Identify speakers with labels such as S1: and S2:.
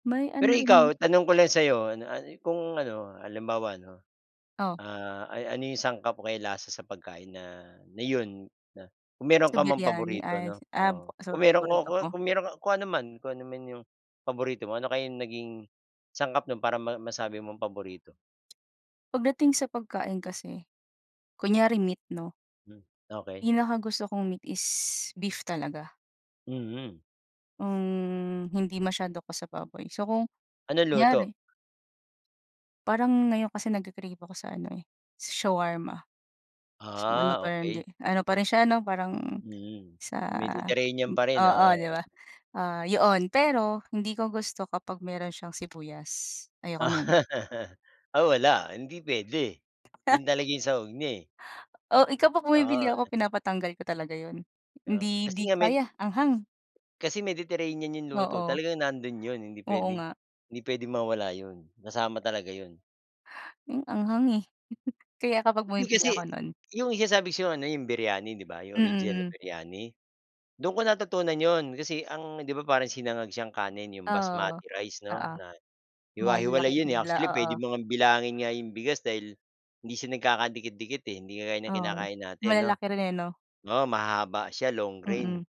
S1: May ano
S2: Pero
S1: rin
S2: ikaw, tanong ko lang sa 'yo, ano an kung ano, halimbawa ano,
S1: Oh.
S2: ah, ay ano yung sangkap o kaya lasa sa pagkain na na 'yon, na kung meron
S1: Sa
S2: ka mang
S1: biryani
S2: paborito
S1: ay
S2: 'no?
S1: ah
S2: Oo,
S1: sa
S2: kung meron ku
S1: paborito
S2: ku
S1: mo?
S2: kung meron ku kung anuman kung anuman yung paborito mo, ano kaya naging sangkap no'n para ma masabi mong paborito?
S1: Pagdating sa pagkain kasi, kunyari meat, 'no?
S2: Hmm, okey.
S1: Pinakagusto kong meat is beef talaga.
S2: Mhm.
S1: Hmm, hindi masyado 'ko sa baboy. So, kung,
S2: Anong luto?
S1: kunyari Parang ngayon kasi nagke-crave ako sa ano eh, sa shawarma. Mas maano
S2: Ah,
S1: pero hindi
S2: okey.
S1: ano pa rin siya no parang,
S2: Mm,
S1: sa
S2: Mediterranean pa rin,
S1: oo di
S2: oo.
S1: ba? Ah, yoon pero hindi ko gusto kapag meron siyang sibuyas, ayoko no'n.
S2: Ah wala, hindi puwede. 'Yon talaga yung sahog niya, eh.
S1: Oh, eh kapag bumibili
S2: [unintelligible]
S1: ako pinapatatanggal ko talaga yon.
S2: Kaya nga,
S1: Hindi
S2: kasi
S1: di
S2: nga med
S1: kaya, anghang.
S2: kasi Mediterranean yung luto,
S1: Oo.
S2: talagang nando'n yon. Hindi
S1: Oo
S2: puwede
S1: nga.
S2: hindi puwedeng mawala yo'n. Kasama talaga yon.
S1: Hmm, anghang eh. Kaya kapag
S2: Hindi
S1: bumibili
S2: kasi,
S1: ako no'n
S2: yung sinasabi ko sayo ano yung biryani, di ba? Yung original na
S1: Mm.
S2: biryani. Doon ko natutunan yo'n kasi ang 'di ba parang sinangag siyang kanin yung
S1: Oo.
S2: basmati rice 'no,
S1: Oo.
S2: na hiwa-hiwalay
S1: Malalaking
S2: yo'n eh,
S1: hibla,
S2: actually puwede
S1: oo.
S2: mo bilangin nga yung bigas dahil hindi siya nagkakadikit-dikit eh, hindi kagaya ng
S1: Oo.
S2: kinakain natin, 'no?
S1: Malalaki rin eh, 'no?
S2: Oo, mahahaba siya, long grain.
S1: Mm.